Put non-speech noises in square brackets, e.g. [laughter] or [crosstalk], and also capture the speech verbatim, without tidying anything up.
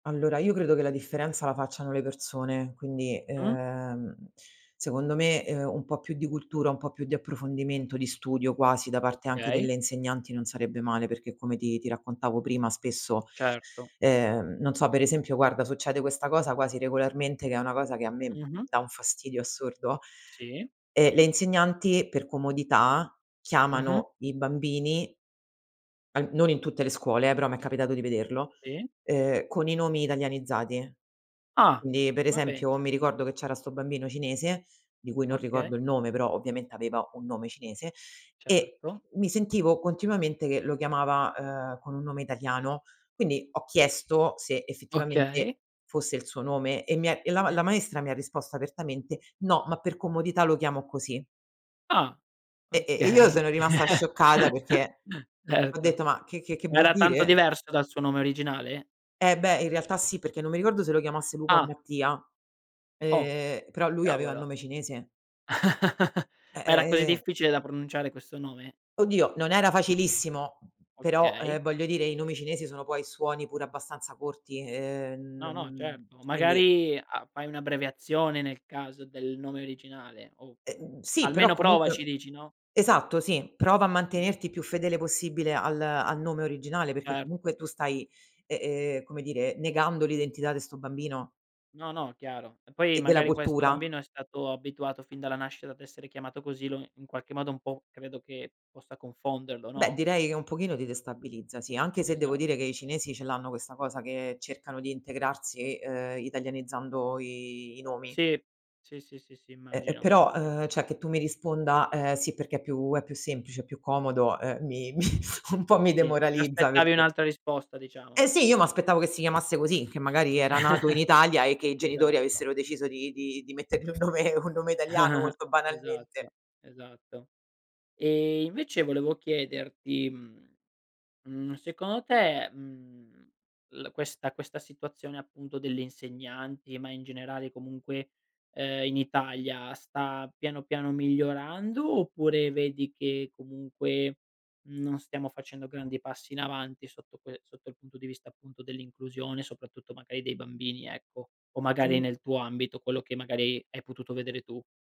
Allora io credo che la differenza la facciano le persone, quindi, Mh. uhm, secondo me, uhm, un po' più di cultura, un po' più di approfondimento, di studio quasi da parte anche Okay. delle insegnanti non sarebbe male, perché come ti ti raccontavo prima spesso, Certo. ehm, non so, per esempio guarda succede questa cosa quasi regolarmente, che è una cosa che a me m Mh-mh. dà un fastidio assurdo, Sì. ehm, le insegnanti per comodità Mh-mh. chiamano i bambini al non in tutte le scuole, eh, però m' è capitato di vederlo, tì. uhm, con i nomi italianizzati. Ah, ndi, per ma esempio, penza. mi ricordo che c'era 'sto bambino cinese, di cui non Okay. ricordo il nome, però ovviamente aveva un nome cinese, e Certo. mi sentivo continuamente che lo chiamava, uhm, con un nome italiano. Quindi ho chiesto se Okay. effettivamente fosse il suo nome e mi è e la ma tì. la maestra mi ha risposto apertamente: "No, ma per comodità lo chiamo così". Ah, E e e io okay. sono rimasta scioccata [laughs] perché ho Erto. detto: "Ma che che che vuol Era tanto dire?" diverso dal suo nome originale? Eh beh, in realtà sì, perché non mi ricordo se lo chiamasse Luca o Ah. Mattia, Oh, ehm, però lui aveva il cavolo. nome cinese. [laughs] Eh, Ma era ehm così ehm. difficile da pronunciare questo nome? Oddio, non era facilissimo, però, Okay. ehm, voglio dire i nomi cinesi sono poi suoni pure abbastanza corti, ehm, n No, no, mhmm, certo. quindi Magari a fai un'abbreviazione nel caso del nome originale o Ehm, sì, però almeno provaci comunque dici, no? esatto, sì, prova a Mh. mantenerti più fedele possibile al al nome originale, perché Certo. comunque tu stai, ehm ehm, come dire, negando l'identità de sto' bambino No, no, chiaro. E poi e della magari questo cultura. bambino è stato abituato fin dalla nascita ad essere chiamato così lo in qualche modo un po' credo che possa confonderlo, Beh, no? direi che un pochino ti destabilizza, sì, anche se devo dire Esatto. che i cinesi ce l'hanno questa cosa che cercano di integrarsi, ehm, italianizzando i i nomi. Sì, sì, sì, sì, sì, Eh, e immagino, però, ì. ehm, ceh, che tu mi risponda: "Ehm, sì, perché è più è più semplice, è più comodo", uhm mi mi un po' mi Sì, ti demoralizza, aspettavi perché un'altra risposta diciamo. Eh sì, io m'aspettavo che si chiamasse così, che magari era nato in Italia e [chuckles] che i genitori Esatto. avessero deciso di di di mettergli un nome un nome italiano molto [chuckles] banalmente. Esatto, esatto. E invece volevo chiederti, mhmm, mhmm, secono te, mhmm, l questa questa situazione appunto delle insegnanti, ma in generale comunque, uhm, in Italia sta piano piano migliorando oppure vedi che comunque non stiamo facendo grandi passi in avanti sotto quel sotto il punto di vista appunto dell'inclusione, soprattutto magari dei bambini ecco? O magari All nel tuo ambito, quello che magari hai potuto vedere tu?